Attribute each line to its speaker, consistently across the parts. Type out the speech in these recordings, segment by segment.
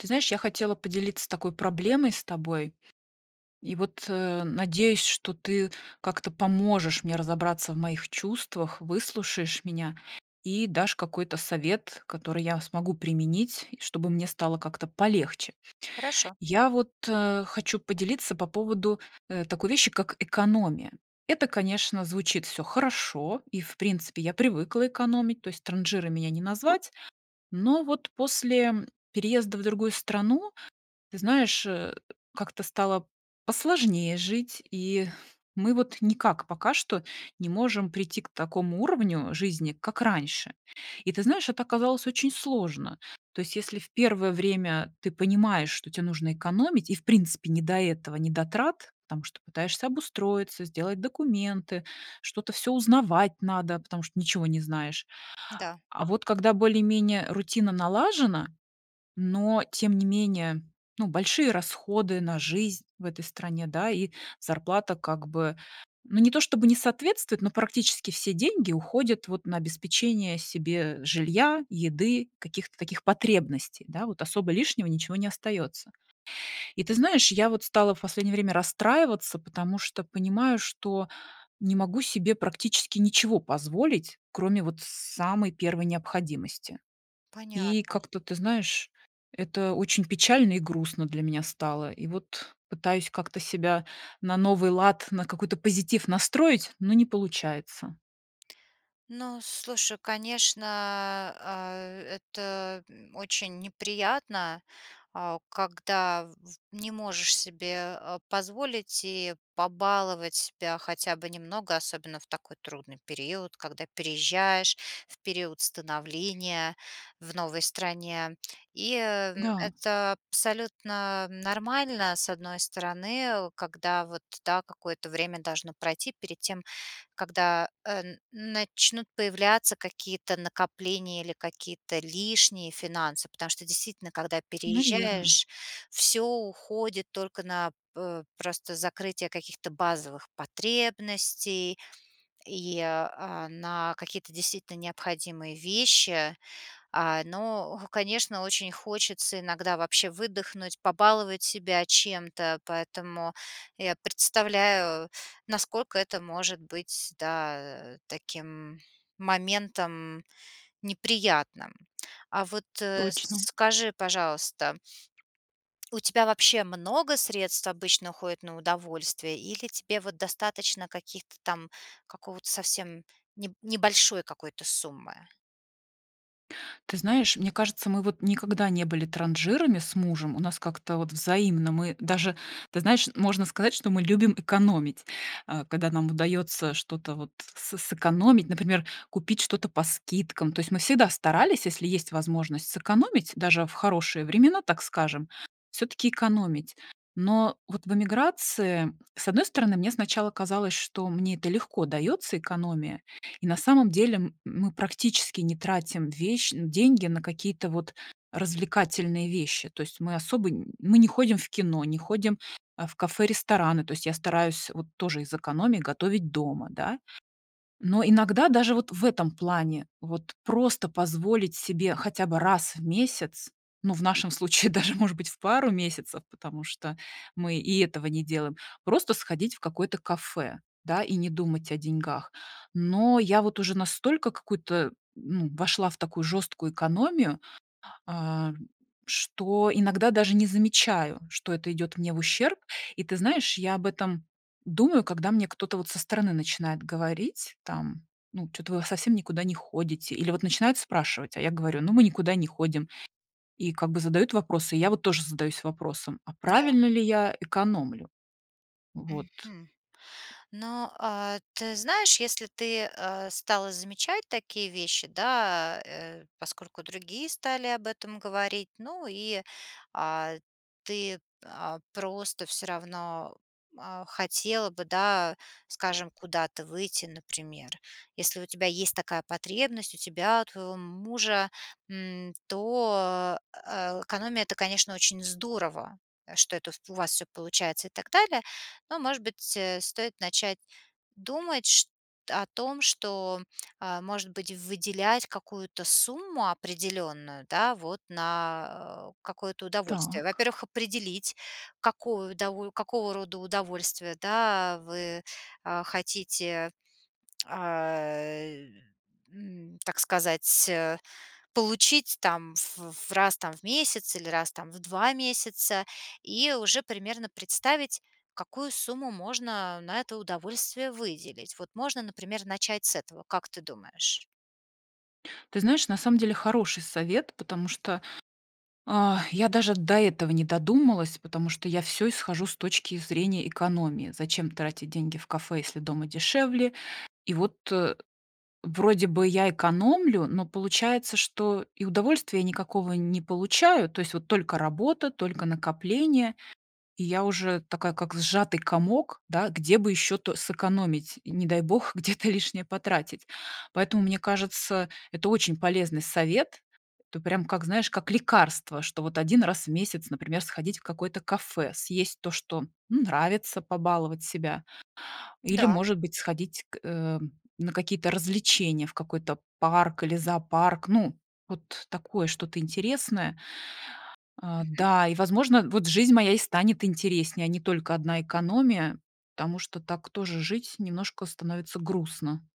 Speaker 1: Ты знаешь, я хотела поделиться такой проблемой с тобой и, вот, э, надеюсь, что ты как-то поможешь мне разобраться в моих чувствах, выслушаешь меня и дашь какой-то совет, который я смогу применить, чтобы мне стало как-то полегче.
Speaker 2: Хорошо.
Speaker 1: Я вот, а, хочу поделиться по поводу, э, такой вещи, как экономия. Это, конечно, звучит всё хорошо, и, в принципе, я привыкла экономить, то есть транжирой меня не назвать. Но вот после переезда в другую страну, ты знаешь, э, как-то стало посложнее жить, и мы вот никак пока что не можем прийти к такому уровню жизни, как раньше. И ты знаешь, это оказалось очень сложно. То есть если в 1 время ты понимаешь, что те нужно экономить, и, в принципе, не до этого, не до трат, потому что пытаешься обустроиться, сделать документы, что-то всё узнавать надо, потому что ничего не знаешь.
Speaker 2: Да.
Speaker 1: А вот когда более-менее рутина налажена, но, тем не менее, ну, большие расходы на жизнь в этой стране, да, и зарплата как бы, ну не то чтобы не соответствует, но практически все деньги уходят вот на обеспечение себе жилья, еды, каких-то таких потребностей, да. Вот особо лишнего ничего не остается. И ты знаешь, я вот стала в последнее время расстраиваться, потому что понимаю, что не могу себе практически ничего позволить, кроме вот самой первой необходимости. И,
Speaker 2: Понятно.
Speaker 1: как-то, ты знаешь, это очень печально и грустно для меня стало, и вот пытаюсь как-то себя на новый лад, на какой-то позитив настроить, но не получается.
Speaker 2: Ну, слушай, конечно, а, это, м, очень неприятно, а, когда, в в не можешь себе, э, позволить и побаловать себя хотя бы немного, особенно в такой трудный период, когда переезжаешь, в период становления в новой стране. И, ам,
Speaker 1: Да.
Speaker 2: это абсолютно нормально, с одной стороны, когда вот, да, какое-то время должно пройти перед тем, когда, э, н начнут появляться какие-то накопления или какие-то лишние финансы. Потому что, действительно, когда
Speaker 1: Наверно.
Speaker 2: переезжаешь, всё уходит только на п э, просто закрытие каких-то базовых потребностей, и, э, а, на какие-то действительно необходимые вещи. Э, но, конечно, очень хочется иногда вообще выдохнуть, побаловать себя чем-то. Поэтому я представляю, насколько это может быть, да, таким моментом неприятным. А вот, э, с
Speaker 1: Точно.
Speaker 2: скажи, пожалуйста, у тебя вообще много средств обычно уходит на удовольствие? Или тебе вот достаточно каких-то там какого-то совсем неб небольшой какой-то суммы?
Speaker 1: Ты знаешь, мне кажется, мы, вот, никогда не были транжирами с мужем, у нас как-то, вот, взаимно. Мы даже, ты знаешь, можно сказать, что мы любим экономить. Э, когда нам удаётся что-то вот с сэкономить, например, купить что-то по скидкам. То есть, мы всегда старались, если есть возможность, сэкономить, даже в хорошие времена, так скажем, всё-таки экономить. Но вот в эмиграции, с одной стороны, мне сначала казалось, что мне это легко даётся, экономия и, на самом деле, м мы практически не тратим вещь нь деньги на какие-то, вот, развлекательные вещи. То есть, мы особо нь мы не ходим в кино, не ходим, а, в кафе, рестораны. То есть, я стараюсь, вот, тоже из экономии готовить дома, да. Но иногда даже вот в этом плане, вот, просто позволить себе хотя бы раз в месяц, ну, в нашем случае даже, может быть, в пару месяцев. Потому что мы и этого не делаем, просто сходить в какое-то кафе, да, и не думать о деньгах. Но я, вот, уже настолько какую-то ну, вошла в такую жесткую экономию, а, что иногда даже не замечаю, что это идёт мне в ущерб. И ты знаешь, я об этом думаю, когда мне кто-то, вот, со стороны начинает говорить, там: "Ну, чё-то вы в совсем никуда не ходите?" Или, вот, начинают спрашивать, а я говорю, ну, мы никуда не ходим, и, как бы, задают вопросы. И я, вот, тоже задаюсь вопросом, а
Speaker 2: М-да.
Speaker 1: правильно ли я экономлю? Вот.
Speaker 2: Мгм, но, а ты знаешь, если ты, э, стала замечать такие вещи, да, э, поскольку другие стали об этом говорить. Ну и, а, ты, а, просто всё равно, а, хотела бы, да, скажем, куда-то выйти, например. Если у тебя есть такая потребность, у тебя, у твоего мужа, м, то а а, экономия это, конечно, очень здорово, что это, ф у вас всё получается и так далее. Но, может быть, э, стоит начать думать шт о том, что, а, может быть, выделять какую-то сумму определённую, да, вот, на какое-то удовольствие?
Speaker 1: Так.
Speaker 2: Во-первых, определить какую удово какого рода удовольствие, да, вы, а, хотите а, э, м, так сказать, э, получить, там, в в раз, там, в месяц или раз, там, в 2 месяца и уже примерно представить какую сумму можно на это удовольствие выделить. Вот можно, например, начать с этого, как ты думаешь?
Speaker 1: Ты знаешь, на самом деле, хороший совет, потому что, я даже до этого не додумалась. Потому что я всё исхожу с точки зрения экономии. Зачем тратить деньги в кафе, если дома дешевле? И вот, э, вроде бы я экономлю, но, получается, что и удовольствия никакого не получаю, то есть вот только работа, только накопления, и я уже такая, как сжатый комок, да, где бы ещё то сэкономить, не дай бог, где-то лишнее потратить. Поэтому, мне кажется, это очень полезный совет, это прям как, знаешь, как лекарство, что вот 1 раз в месяц, например, сходить в какое-то кафе, съесть то, что, ну, нравится, побаловать себя. Или,
Speaker 2: Да.
Speaker 1: может быть, сходить к, э, на какие-то развлечения, в какой-то парк или зоопарк, ну, вот такое что-то интересное. Э,
Speaker 2: Мгм.
Speaker 1: да, и, возможно, вот жизнь моя и станет интереснее, а не только одна экономия, потому что так тоже жить немножко становится грустно.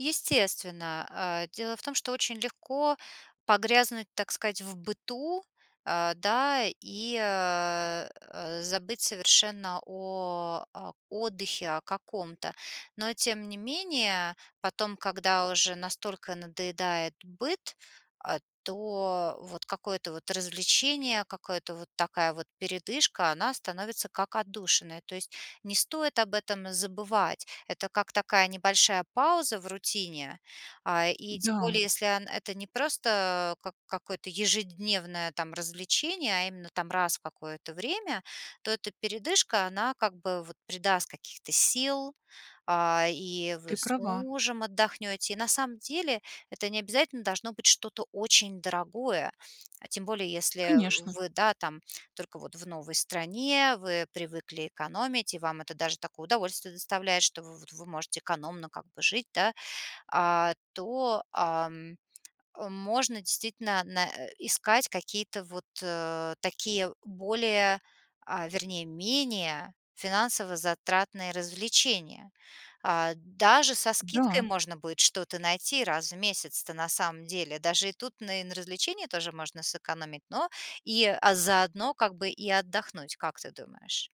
Speaker 2: Естественно. Э, дело в том, что очень легко погрязнуть, так сказать, в быту, э, да? И, э, э, забыть совершенно о о отдыхе о каком-то. Но, тем не менее, потом, когда уже настолько надоедает быт, э, то вот какое-то вот развлечение, какое-то вот, такая вот передышка- она становится, как отдушина. То есть не стоит об этом забывать. Это как такая небольшая пауза в рутине. А, и, тем более,
Speaker 1: Да.
Speaker 2: если ан это не просто как какое-то ежедневное, там, развлечение, а именно, там, раз в какое-то время, то эта передышка, она как бы вот придаст каких-то сил, а, и вы
Speaker 1: Ты
Speaker 2: с
Speaker 1: права.
Speaker 2: мужем отдохнете. И, на самом деле, это не обязательно должно быть что-то очень дорогое, а, тем более, если
Speaker 1: Конечно.
Speaker 2: вы, да, там, только вот в новой стране, вы привыкли экономить и вам это даже такое удовольствие доставляет, что в вот вы можете экономно как бы жить, да. А, то, а, можно, действительно, на э, искать какие-то вот такие, более, а, вернее менее финансово-затратные развлечения. А, даже со скидкой
Speaker 1: Да.
Speaker 2: можно будет что-то найти раз в месяц-то, на самом деле. Даже и тут на и на развлечении тоже можно сэкономить, но и, а, заодно как бы и отдохнуть, как ты думаешь?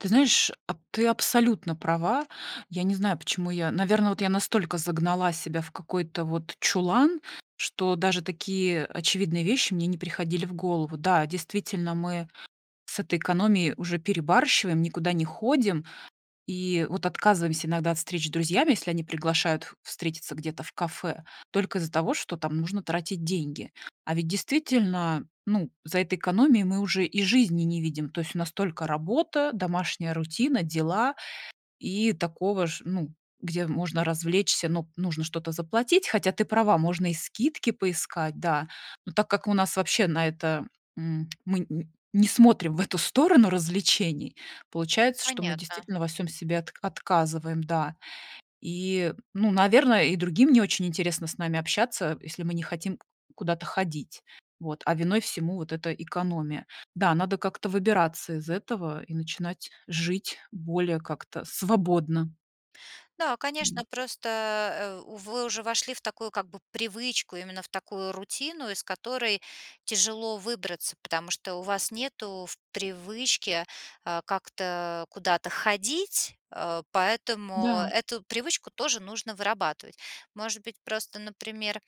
Speaker 1: Ты знаешь, а ты абсолютно права. Я не знаю, почему я наверно, вот я настолько загнала себя в какой-то вот чулан, что даже такие очевидные вещи мне не приходили в голову. Да, действительно, мы с этой экономией уже перебарщиваем, никуда не ходим, и вот отказываемся иногда от встреч с друзьями, если они приглашают в встретиться где-то в кафе, только из-за того, что там нужно тратить деньги. А ведь действительно, ну, за этой экономией мы уже и жизни не видим, то есть у нас только работа, домашняя рутина, дела, и такого ж ну, где можно развлечься, но нужно что-то заплатить Хотя ты права, можно и скидки поискать, да. Но так как у нас вообще на это, м, мы н не смотрим в эту сторону развлечений, получается, что мы
Speaker 2: Понятно.
Speaker 1: действительно во всем себе от отказываем. Да. И, ну, наверно, и другим не очень интересно с нами общаться, если мы не хотим куда-то ходить, вот, а виной всему вот эта экономия. Да, надо как-то выбираться из этого и начинать жить более как-то свободно.
Speaker 2: Да, конечно,
Speaker 1: Вот.
Speaker 2: просто, э, вы уже вошли в такую, как бы, привычку, именно в такую рутину, из которой тяжело выбраться, потому что у вас нету в привычке, э, как-то куда-то ходить, э, поэтому
Speaker 1: Да.
Speaker 2: эту привычку тоже нужно вырабатывать. Может быть, просто, например,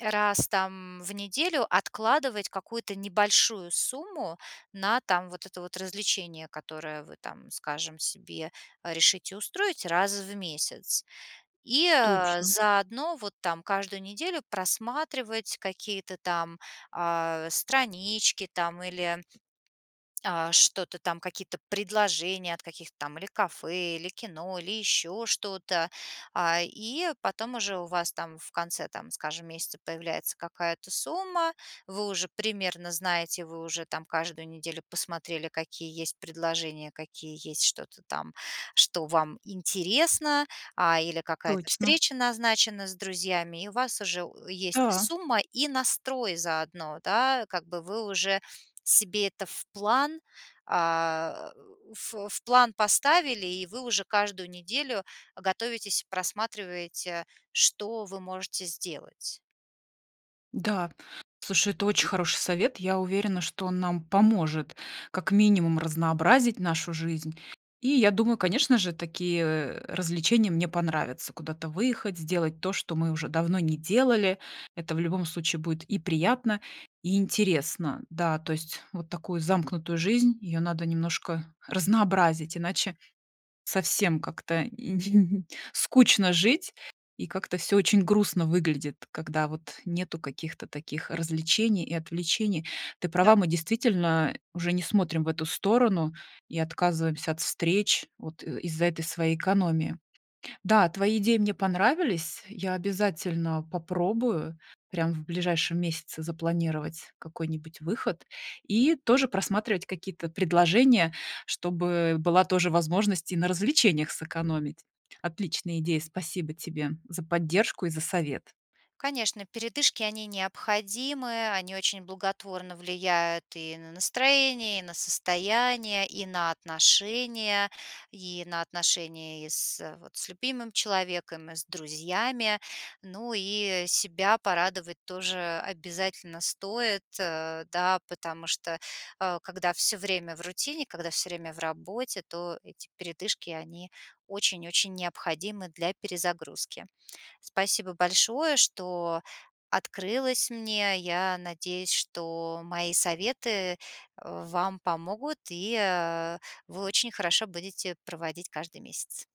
Speaker 2: раз, там, в неделю откладывать какую-то небольшую сумму на, там, вот это вот развлечение, которое вы там, скажем, себе решите устроить раз в месяц. И,
Speaker 1: Точно.
Speaker 2: заодно, вот, там, каждую неделю просматривать какие-то там, а, странички там, или, а, что-то там, какие-то предложения от каких-то там или кафе, или кино, или еще что-то. А, и потом уже у вас, там, в конце там, скажем, месяца появляется какая-то сумма. Вы уже примерно знаете, вы уже там каждую неделю посмотрели, какие есть предложения, какие есть, что-то там, что вам интересно, а, или какая-то
Speaker 1: Точно.
Speaker 2: встреча назначена с друзьями, и у вас уже у есть
Speaker 1: Да.
Speaker 2: сумма и настрой заодно, да, как бы вы уже себе это в план, а, в в план поставили, и вы уже каждую неделю готовитесь и просматриваете, что вы можете сделать.
Speaker 1: Да, слушай, это очень хороший совет. Я уверена, что он нам поможет, как минимум, разнообразить нашу жизнь. И я думаю, конечно же, такие, э, развлечения мне понравятся: куда-то выехать, сделать то, что мы уже давно не делали. Это, в любом случае, будет и приятно, и интересно. Да, то есть вот такую замкнутую жизнь, ее надо немножко разнообразить, иначе совсем как-то ин скучно жить, и как-то всё очень грустно выглядит, когда вот нету каких-то таких развлечений и отвлечений. Ты права,
Speaker 2: Да.
Speaker 1: мы действительно уже не смотрим в эту сторону и отказываемся от встреч вот из-за этой своей экономии. Да, твои идеи мне понравились, я обязательно попробую прям в ближайшем месяце запланировать какой-нибудь выход и тоже просматривать какие-то предложения, чтобы была тоже возможность и на развлечениях сэкономить. Отличная идея, спасибо тебе за поддержку и за совет.
Speaker 2: Конечно, передышки- они необходимы, они очень благотворно влияют и на настроение, и на состояние, и на отношения, и на отношения и с вот, с любимым человеком, и с друзьями. Ну и себя порадовать тоже обязательно стоит, э, да, потому что, э, когда всё время в рутине, когда всё время в работе, то эти передышки- они очень-очень необходимы для перезагрузки. Спасибо большое, что открылась мне. Я надеюсь, что мои советы, э, вам помогут, и, а, вы очень хорошо будете проводить каждый месяц.